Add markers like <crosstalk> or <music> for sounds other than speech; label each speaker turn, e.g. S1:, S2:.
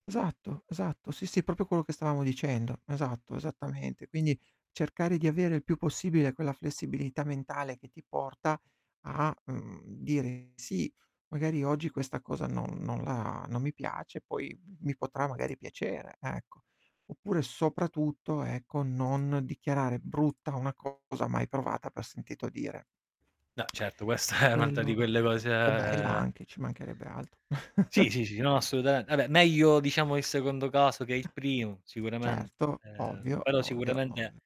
S1: Esatto, esatto. Sì, sì, proprio quello che stavamo dicendo. Esatto, esattamente. Quindi cercare di avere il più possibile quella flessibilità mentale che ti porta a, mhmm, dire: "Sì, magari oggi questa cosa non non la non mi piace, poi mi potrà magari piacere". Ecco, oppure soprattutto ecco, non dichiarare brutta una cosa mai provata per sentito dire.
S2: No certo questa è un'altra di
S1: Quello
S2: quelle
S1: o bella
S2: cose
S1: anche, ci mancherebbe altro.
S2: Sì,
S1: <chuckles>
S2: sì, sì, no assolutame vabbé meglio diciamo il secondo caso che è il primo sicuramen
S1: Certo,
S2: ehm,
S1: ovvio,
S2: però
S1: ovvio, ov
S2: sicuramente